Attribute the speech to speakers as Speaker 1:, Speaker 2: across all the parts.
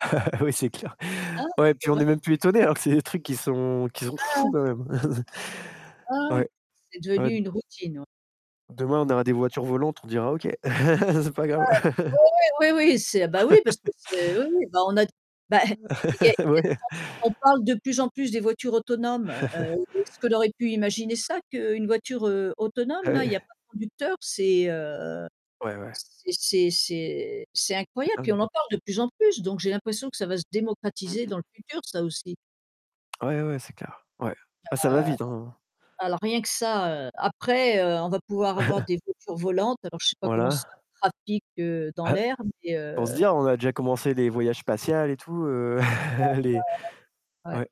Speaker 1: Oui, c'est clair.
Speaker 2: Hein?
Speaker 1: Ouais, puis on
Speaker 2: Ouais.
Speaker 1: est même plus étonné, alors que c'est des trucs qui sont, heu, qui sont fous
Speaker 2: Ah.
Speaker 1: quand même.
Speaker 2: Ah ouais.
Speaker 1: Ouais.
Speaker 2: C'est devenu
Speaker 1: [unintelligible]
Speaker 2: une routine, ouais.
Speaker 1: Demain, on aura des voitures volantes, on dira OK, c'est pas
Speaker 2: Ah
Speaker 1: grave.
Speaker 2: ouais. Ouais, ouais, oui, oui, c'est bah oui parce que c'est oui, oui on a t bah
Speaker 1: Heu
Speaker 2: et [unintelligible] il y a du
Speaker 1: ouais.
Speaker 2: monde. On parle de plus en plus des voitures autonomes, heu, ce qu'on aurait pu imaginer ça qu'une voiture, heu, autonome
Speaker 1: Bah
Speaker 2: là, il y a
Speaker 1: ouais.
Speaker 2: pas de conducteur, c'est, heu,
Speaker 1: Ouais, ouais.
Speaker 2: c'est c'est c'est c'est
Speaker 1: C'est
Speaker 2: incroyable, puis
Speaker 1: dingue.
Speaker 2: on en parle de plus en plus, donc j'ai l'impression que ça va se
Speaker 1: Mmh
Speaker 2: démocratiser
Speaker 1: mh.
Speaker 2: dans le futur ça, aussi.
Speaker 1: Ah ouais, ouais c'est clair, ouais. Ça va vite, hein.
Speaker 2: Ah alors rien que ça, heu, après, heu, on va pouvoir avoir des voitures volantes, alors je sais pas comment ça va
Speaker 1: Voilà.
Speaker 2: être le trafic, heu, dans
Speaker 1: Ah, heu
Speaker 2: l'air, mais
Speaker 1: pour se
Speaker 2: heu
Speaker 1: dire, on a déjà commencé les voyages spatiales et tout heu,
Speaker 2: [unintelligible]
Speaker 1: les
Speaker 2: Ouais.
Speaker 1: ouais,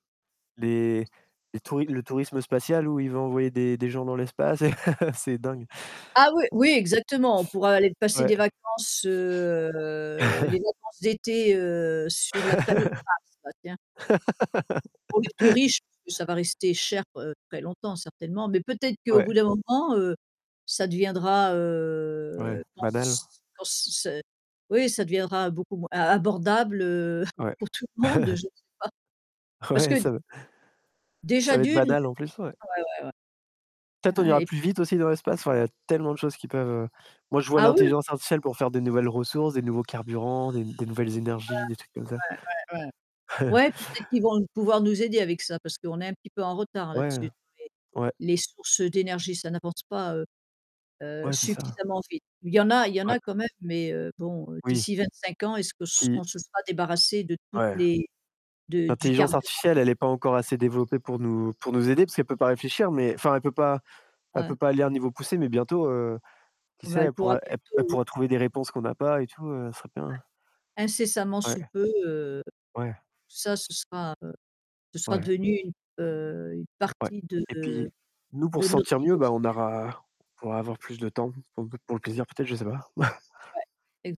Speaker 1: les les le touris le tourisme spatial où ils vont envoyer des des gens dans l'espace, c'est dingue.
Speaker 2: Ah oui, oui exactement, on pourra aller passer
Speaker 1: Ouais.
Speaker 2: des vacances, heu, les vacances d'été, heu, sur la planète Mars. Bah tiens. Pour les plus riches, plus ça va rester cher, heu, très longtemps certainement, mais peut-être qu'au bout
Speaker 1: Ouais.
Speaker 2: d'un moment, heu, ça deviendra, heu,
Speaker 1: Ouais,
Speaker 2: je
Speaker 1: banal.
Speaker 2: pense, quand c'est c'est oui ça deviendra beaucoup moins ab abordable, heu,
Speaker 1: Ouais.
Speaker 2: pour tout le monde, je sais pas. Parce
Speaker 1: Ouais,
Speaker 2: que
Speaker 1: ç'est vrai
Speaker 2: déjà
Speaker 1: Ça va
Speaker 2: de
Speaker 1: être
Speaker 2: 1, heu
Speaker 1: banal en plus. Ouais. Peut-être on
Speaker 2: Ah
Speaker 1: ira
Speaker 2: oui.
Speaker 1: plus vite aussi dans l'espace. Enfin, il y a tellement de choses qui peuvent moi je vois
Speaker 2: Ah oui.
Speaker 1: l'intelligence artificielle pour faire des nouvelles ressources, des nouveaux carburants, des des nouvelles énergies, des trucs comme ça.
Speaker 2: Ouais, ouais, ouais, ouais. Ouais peut-être qu'ils vont pouvoir nous aider avec ça parce qu'on est un petit peu en retard
Speaker 1: Ouais, heu,
Speaker 2: là-dessus.
Speaker 1: ouais.
Speaker 2: [unintelligible] les sources d'énergie ça n'apporte pas, heu heu,
Speaker 1: Ouais, c'est ça.
Speaker 2: suffisamment vite. Il y en a il y en
Speaker 1: Ouais.
Speaker 2: a quand même, mais bon,
Speaker 1: Oui.
Speaker 2: d'ici 25 ans, est-ce qu'on se on
Speaker 1: Puis
Speaker 2: se sera débarrassé de toutes
Speaker 1: Ouais.
Speaker 2: les de du
Speaker 1: L'intelligence
Speaker 2: carburant
Speaker 1: artificielle, elle est pas encore assez développée pour nous pour nous aider, parce qu'elle peut pas réfléchir, mais enfin, elle peut pas elle
Speaker 2: Hein.
Speaker 1: peut pas aller à un niveau poussé, mais bientôt, heu, qui
Speaker 2: On
Speaker 1: sait,
Speaker 2: va le
Speaker 1: elle
Speaker 2: pouvoir
Speaker 1: pourra elle
Speaker 2: bientôt oui
Speaker 1: pourra trouver des réponses qu'on a pas et tout, ce serait bien.
Speaker 2: Ouais. Incessamment sous
Speaker 1: Ouais.
Speaker 2: peu, heu,
Speaker 1: Ouais.
Speaker 2: ça, ce sera, heu, ce sera
Speaker 1: Ouais.
Speaker 2: devenu une, heu, une
Speaker 1: Ouais
Speaker 2: partie de,
Speaker 1: et
Speaker 2: heu,
Speaker 1: puis nous, pour
Speaker 2: de
Speaker 1: se
Speaker 2: notre
Speaker 1: sentir
Speaker 2: vie
Speaker 1: mieux, on
Speaker 2: quotidienne.
Speaker 1: aura on pourra avoir plus de temps pour pour le plaisir peut-être, je sais pas.
Speaker 2: Ouais, ex